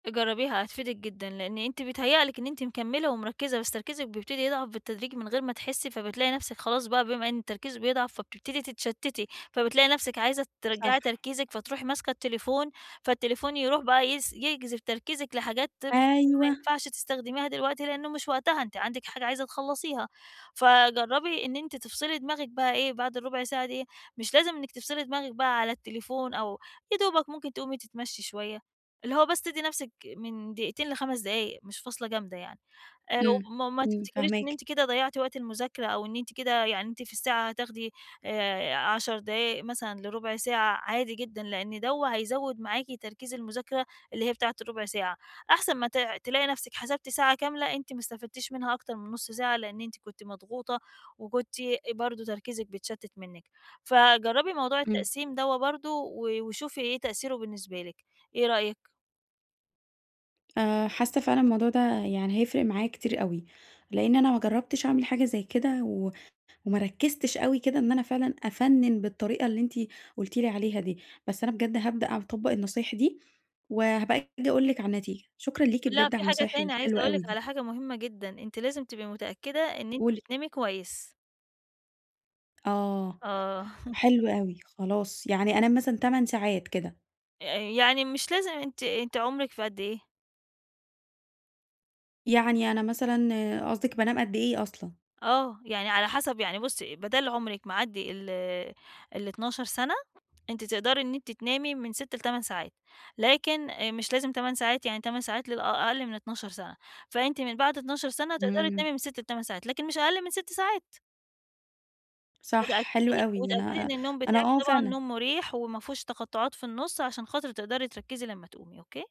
جَرَّبيها هَتفيدِك جدًا لأن أنتِ بيتهيأ لِك إن أنتِ مكَمّلة ومرَكَّزة بس تركيزِك بَيبتَدي يضعَف بالتدريج من غَير ما تحسّي فَبتلاقي نَفسِك خلاص بقى بَما إن التركيز بَيضعَف فَبتبتدي تتشَتَّتي، فَبتلاقي نَفسِك عايزة صح. ترَجَّعي تركيزِك فَتروحي ماسكة التليفون، فالتليفون يَروح بقى يس يجذَب تركيزِك لحاجات تم ما أيوه. يَنفَعش تستخدميها دلوقتي لأنُّه مش وقتها أنتِ عندِك حاجة عايزة تخَلَّصيها، فَجَرَّبي إن أنتِ تفصَلي دماغِك بقى إيه بَعد الرُبَع ساعة دي مش لازم إنِّك تفصَلي دماغِك بقى على التليفون أو يَا دوبَك ممكن تقومي تتَمشي شُوَيّة، اللي هو بس تَدّي نَفسِك من دقيقتين ل5 دقايق مش فاصلة جامدة يعني. آآ امم، وما وما امم تفتكريش إن فاهماكِ. أنتِ كده ضَيَّعتِ وقت المُذاكَرة أو إن أنتِ كده يعني أنتِ في الساعة هَتاخدي آآ 10 دقايق مثلًا لرُبَع ساعة عادي جدًا، لأن دوّة هَيَزَوَّد معاكِ تركيز المُذاكَرة اللي هي بتاعة الرُبَع ساعة، أحسَن ما ت تلاقي نَفسِك حَسَبتِ ساعة كاملة أنتِ ما استفادتيش مَنها أكتَر من نُصّ ساعة لأن أنتِ كُنتِ مضغوطة وكُنتِ برضه تركيزِك بَيتشَتَّت منِّك، فَجَرَّبي موضوع امم. التقسيم دوّة برضه و وشوفي إيه تأثيرُه بالنسبة لِك، إيه رأيِك؟ آآ حاسة فعلًا الموضوع ده يعني هيفرِق معايا كتير أوي، لإن أنا ما جرَّبتش أعمَل حاجة زي كده و وما ركزتش أوي كده إن أنا فعلًا أفَنَّن بالطريقة اللي أنتِ قُلتِ لي عليها دي، بس أنا بجد هابدأ أع أطبق النصايح دي وهابقى أجي أقول لِك على النتيجة، شكرًا ليكِ لأ بجد على في حاجة النصايح تاني عايزة الحلوة أقول أوي لِك دي. على حاجة مُهَمّة جدًا، أنتِ لازم تَبقي متأكدة إن أنتِ قولي. بتنامي كويس. آه، آه حلو أوي، خلاص يعني أنام مثلًا 8 ساعات كده. آآ يعني مش لازم أنتِ أنتِ عمرِك في قد إيه؟ يعني أنا مثلًا آآ قصدِك بانام قد إيه أصلًا؟ آه، يعني على حسب يعني بُصّي بَدال عُمرِك معَدّي ال ال12 سَنة، أنتِ تقدَري إن أنتِ تنامي من 6 ل8 ساعات لكن آآ مش لازم 8 ساعات يعني 8 ساعات لل أ أقَلّ من 12 سَنة فَأنتِ من بَعد 12 سَنة تقدَري امم. تنامي من 6 ل8 ساعات لكَن مش أقَلّ من 6 ساعات. صح حلو واتأكَّدي أوي واتأكَّدي أنا إن النوم أنا بتاعِك آه طبعًا فعلًا. نوم مُريح وما فيهوش تقَطُّعات في النُصّ عشان خاطر تقدَري تركَّزي لمّا تقومي، أوكي؟